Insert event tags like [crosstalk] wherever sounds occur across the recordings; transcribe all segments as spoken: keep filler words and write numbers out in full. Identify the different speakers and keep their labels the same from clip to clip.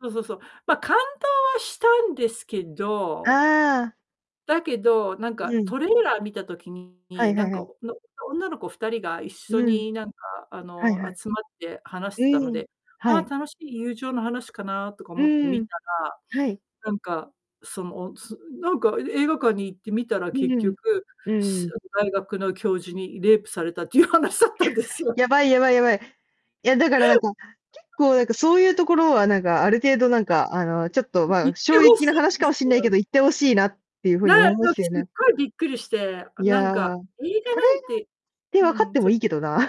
Speaker 1: そうそうそう。ま、感動はしたんですけ
Speaker 2: あ
Speaker 1: ど
Speaker 2: あ、あ。
Speaker 1: だけど、なんか、
Speaker 2: うん。
Speaker 1: トレーラー見た時
Speaker 2: は
Speaker 1: に、
Speaker 2: い
Speaker 1: な
Speaker 2: は
Speaker 1: ん
Speaker 2: いは
Speaker 1: か、
Speaker 2: い。
Speaker 1: おの、女の子ふたりが一緒
Speaker 2: うん。
Speaker 1: に、なんか、あ
Speaker 2: はい
Speaker 1: の、
Speaker 2: は
Speaker 1: 集まって話し
Speaker 2: い。
Speaker 1: てたの
Speaker 2: うん。
Speaker 1: で、は
Speaker 2: は
Speaker 1: あ、
Speaker 2: い。
Speaker 1: 楽しい友情の話かなとか
Speaker 2: う
Speaker 1: 思って
Speaker 2: ー
Speaker 1: 見
Speaker 2: ん。
Speaker 1: た
Speaker 2: はい。
Speaker 1: ら、なんか、その、つなんか、え映画館に行って見たら、
Speaker 2: う
Speaker 1: 結
Speaker 2: うん。
Speaker 1: 局、
Speaker 2: うんう
Speaker 1: し
Speaker 2: ん。
Speaker 1: あの、大学の教授にレイプされたっていう話だったんですよ。
Speaker 2: やばいやばいやばい。いや、だから、なんか、結構、なんか、そうゆうところは、なんか、ある程度、なんか、あの、ちょっと、ま
Speaker 1: 言っ
Speaker 2: あ、
Speaker 1: て
Speaker 2: 衝
Speaker 1: 欲し
Speaker 2: 撃な話
Speaker 1: いで
Speaker 2: か
Speaker 1: す
Speaker 2: もしんないけ
Speaker 1: よ。
Speaker 2: ど、言って欲しいなってゆう風
Speaker 1: なあ
Speaker 2: に、おもも
Speaker 1: の、
Speaker 2: しえ
Speaker 1: すっ
Speaker 2: ね。
Speaker 1: ごいびっくりして、あ、
Speaker 2: い
Speaker 1: なん
Speaker 2: や、
Speaker 1: か、
Speaker 2: わあ、こ
Speaker 1: 映画
Speaker 2: れがっ
Speaker 1: なんて
Speaker 2: て、
Speaker 1: う
Speaker 2: 分かっ
Speaker 1: ん、
Speaker 2: ても
Speaker 1: そ
Speaker 2: いいけどな。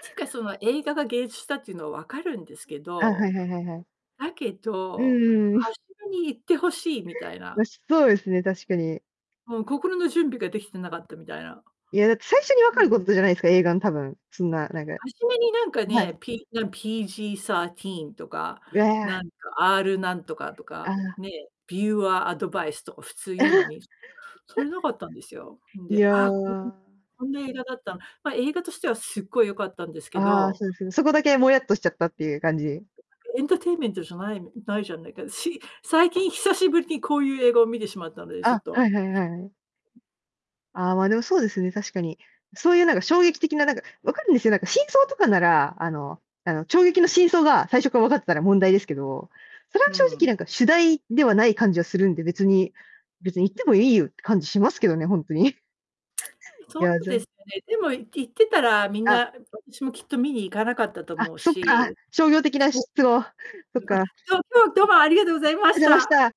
Speaker 1: ていうか、その、映画がげいじゅすだっていうのは分かるんですけ
Speaker 2: あ、は
Speaker 1: ど、
Speaker 2: いはいはいはい。
Speaker 1: だけ
Speaker 2: うん
Speaker 1: ど、
Speaker 2: うんうん。
Speaker 1: 初めに言って欲しいみたいな。
Speaker 2: なし、そうですね、確かに。
Speaker 1: もう、心の準備ができてなかったみたいな。
Speaker 2: いや、だって、最初にわ
Speaker 1: うん、
Speaker 2: かるこ
Speaker 1: う。
Speaker 2: とじゃないですか、映画の、多分、そんな、なんか。
Speaker 1: 初めになんか
Speaker 2: は
Speaker 1: ね、
Speaker 2: い。
Speaker 1: P なサーティーンとか、
Speaker 2: う
Speaker 1: な
Speaker 2: わ。
Speaker 1: んか、R なんとかと
Speaker 2: あ
Speaker 1: か、
Speaker 2: あ。
Speaker 1: ね、ビューアーアドバイスとか普通言うのに、そ
Speaker 2: [chuckles]
Speaker 1: れ無かったんですよ。ん
Speaker 2: い
Speaker 1: で、あ
Speaker 2: や。
Speaker 1: あ、こここんな映画だったんま、映画としては凄い良かったんですけ
Speaker 2: ああ、
Speaker 1: ど、
Speaker 2: そうです。そこだけ
Speaker 1: で
Speaker 2: もやっとしちゃったっていう感じ。
Speaker 1: ですけ、エンターテイメントじゃないないじゃないか、し最近久しぶりにこうゆう映画を見てしまったので、ちょっ
Speaker 2: あ、は
Speaker 1: と
Speaker 2: いはいはいはい。
Speaker 1: う。
Speaker 2: ああ、まあ、でも、そうですね、確かに。そうゆうなんか、衝撃的ななんか、分かるんですよ、なんか真相とかなら、あのあの、ちょうげきの真相が最初から分かってたら問題ですけど、それは
Speaker 1: う
Speaker 2: 正
Speaker 1: んう
Speaker 2: 直
Speaker 1: ん。
Speaker 2: なんか主題ではない感じはするんで、別に別に言ってもいいよって感じしますけどね、ほんとに。い
Speaker 1: そ
Speaker 2: や、
Speaker 1: う
Speaker 2: ぜ
Speaker 1: です
Speaker 2: ん
Speaker 1: ね。でも、い言ってたらみん
Speaker 2: あ。
Speaker 1: な、あ、私もきっと見に行かなかったと
Speaker 2: あ、
Speaker 1: 思う
Speaker 2: そっか、
Speaker 1: し。
Speaker 2: 商業的な
Speaker 1: そう
Speaker 2: しっとを、そっ
Speaker 1: うん、あ、
Speaker 2: か。[unintelligible]
Speaker 1: そう、今日、ども、ありがとうございま
Speaker 2: あ
Speaker 1: し
Speaker 2: ざまし
Speaker 1: た。
Speaker 2: た。